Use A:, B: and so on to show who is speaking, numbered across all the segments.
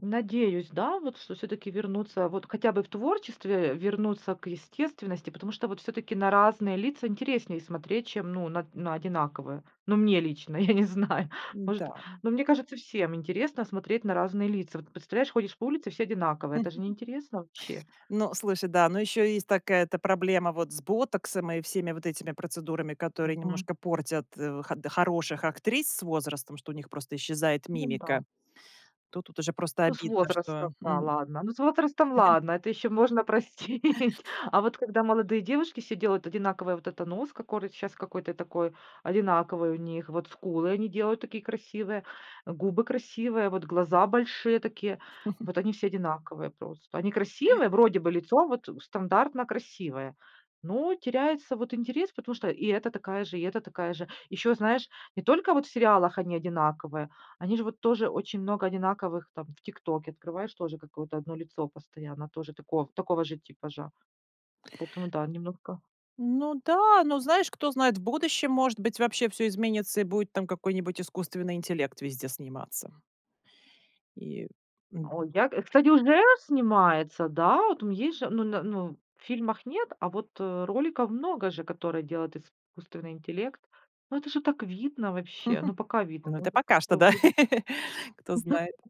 A: Надеюсь, да, вот что всё-таки вернуться, вот хотя бы в творчестве, вернуться к естественности. Потому что, вот всё-таки, на разные лица интереснее смотреть, чем, ну, на на одинаковые. Ну, мне лично, я не знаю. Может,
B: М-да, м.
A: ну, мне кажется, всем интересно смотреть на разные лица. Вот представляешь, ходишь по улице, все одинаковые. Это же не интересно вообще.
B: Ну, слушай, да, но ещё есть такая, это, проблема вот с ботоксом и всеми вот этими процедурами, которые
A: Мгм.
B: немножко портят, э, ход хороших актрис с возрастом, что у них просто исчезает
A: Ну да.
B: мимика. Тут тут уже просто
A: Ну, с
B: обидно,
A: возрастом,
B: что,
A: да,
B: м
A: ладно. Ну, с возрастом ладно, это ещё можно простить. А вот когда молодые девушки все делают одинаковый вот это нос, кокорый щас какой-то такой одинаковый у них. Вот скулы они делают такие, красивые, губы красивые, вот глаза большие такие. И вот они все одинаковые просто. Они красивые, вроде бы лицо вот, э, стандартно красивое. Но теряется вот интерес, потому что и эта такая же, и эта такая же. Ещё, знаешь, не только вот в сериалах они одинаковые, они же вот тоже, очень много одинаковых там, в "ТикТоке" открываешь, тоже какое-то 1 лицо постоянно тоже тако такого же типажа. Потом, да, немножко
B: Ну да, но знаешь, кто знает в будущем, может быть, вообще всё изменится и будет там какой-нибудь искусственный интеллект везде сниматься. И м
A: О, я и, кстати, уже снимается, да. Вот там есть же, ну, на, ну, в фильмах нет, а вот, э, роликов много же, которые делает искусственный интеллект. Ну, это же так видно вообще, ну, пока видно.
B: Ну,
A: Ну,
B: это
A: это к
B: пока что
A: сто
B: да,
A: будет.
B: кто знает.
A: [unintelligible]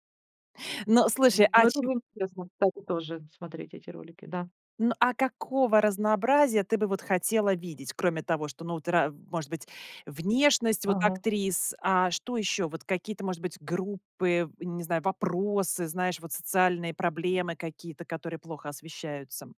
B: Ну,
A: Э,
B: слушай, а
A: ну, это
B: чем
A: не интересно, кстати, тоже смотреть эти ролики, да.
B: Ну, а какого разнообразия ты бы вот хотела видеть, кроме того, что, ну, во ра может быть, внешность вот
A: Ага.
B: актрис? А что ещё? Вот какие-то, может быть, группы, не знаю, вопросы, знаешь, вот социальные проблемы какие-то, которые плохо освещаются.